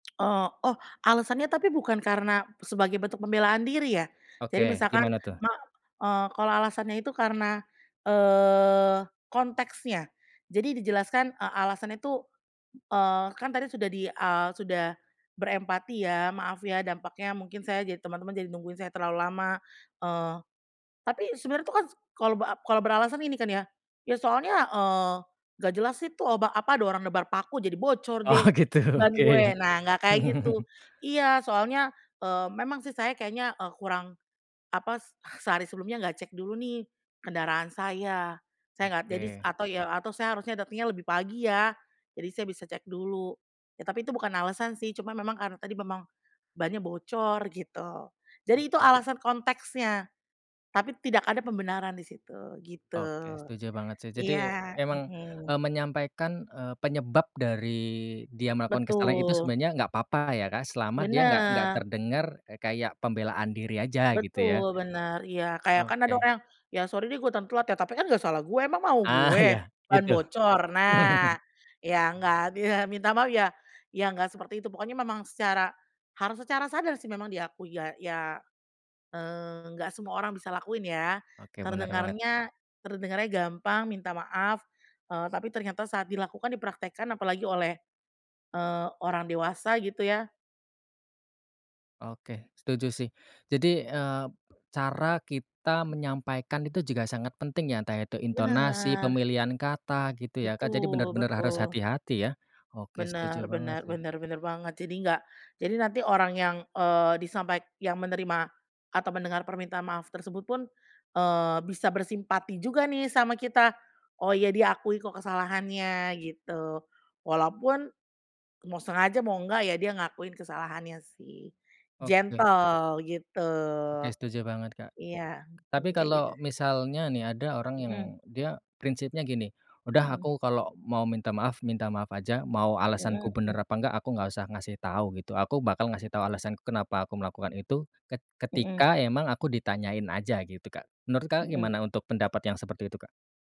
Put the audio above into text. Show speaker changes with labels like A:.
A: Oh oh, alasannya tapi bukan karena sebagai bentuk pembelaan diri ya jadi
B: Oke,
A: misalkan
B: gimana tuh?
A: ma eee, kalau alasannya itu karena, eee, konteksnya. Jadi dijelaskan, eee, alasan itu, eee, kan tadi sudah di, eee, sudah berempati ya maaf ya dampaknya mungkin saya, jadi teman-teman jadi nungguin saya terlalu lama, eee, tapi sebenarnya itu kan s kalau bera kalau beralasan ini kan ya, ya soalnya, eee, nggak jelas sih itu ba apa ada orang nebar paku jadi bocor deh
B: Oh, gitu
A: ban gue.
B: oke.
A: Nah, nggak kayak gitu, iya soalnya, eee, memang sih saya kayaknya, eee, kurang apa sehari sebelumnya nggak cek dulu nih kendaraan saya, saya nggak jadi
B: Oke.
A: atau ya atau saya harusnya datengnya lebih pagi ya, jadi saya bisa cek dulu. Ya tapi itu bukan alasan sih cuma memang karena tadi memang bannya bocor gitu. Jadi itu
B: Oke.
A: alasan konteksnya tapi tidak ada pembenaran di situ gitu,
B: Oke setuju banget sih, jadi
A: iya,
B: emang,
A: mhm.
B: eee, menyampaikan, eee, penyebab dari dia melakukan kesalahan itu
A: Betul.
B: sebenarnya gak apa-apa ya, Kak, selama dia gak gak
A: Benar.
B: terdengar kayak pembelaan diri aja gitu ya.
A: Betul, benar, iya kayak kan ada
B: Oke.
A: orang "ya sorry deh gua dateng telat ya tapi kan nggak salah gua emang mau
B: Ah,
A: gua
B: iya
A: bukan ban
B: itu.
A: bocor." Nah, ya nggak minta maaf ya, ya nggak seperti itu pokoknya memang secara harus secara sadar sih memang diakui ya ya, eee, nggak semua orang bisa lakuin ya
B: Oke, benar banget.
A: terdengarnya terdengarnya gampang minta maaf, eee, tapi ternyata saat dilakukan dipraktekkan apalagi oleh, eee, orang dewasa gitu ya.
B: Oke, setuju sih, jadi, eee, cara kita menyampaikan itu juga sangat penting ya entah itu intonasi,
A: Benar.
B: pemilihan kata, gitu ya, Kak, jadi
A: Betul
B: bener-bener harus
A: betul.
B: hati-hati ya. Oke, setuju
A: Bener
B: banget
A: bener
B: sih.
A: bener bener banget, jadi nggak jadi nanti orang yang, eee, disampaik yang menerima atau mendengar permintaan maaf tersebut pun, eee, bisa bersimpati juga nih sama kita, oh ya dia akui kok kesalahannya gitu, walaupun mau sengaja mau enggak ya dia ngakuin kesalahannya sih,
B: Oke.
A: gentle gitu.
B: Oke setuju banget, Kak.
A: Iya,
B: Tapi
A: mhm, kayak gitu.
B: kalau misalnya nih ada orang yang
A: Mhm.
B: dia prinsipnya gini, udah
A: Mhm.
B: aku kalau mau minta maaf, minta maaf aja, mau alasanku
A: Mhm,
B: bener
A: m
B: apa enggak, aku gak usah ngasih tahu gitu aku bakal ngasih tahu alasanku kenapa aku melakukan itu ket
A: Mhm.
B: ketika emang aku ditanyain aja gitu, Kak, menurut, Kakak,
A: Mhm.
B: gimana untuk pendapat yang seperti itu, Kak?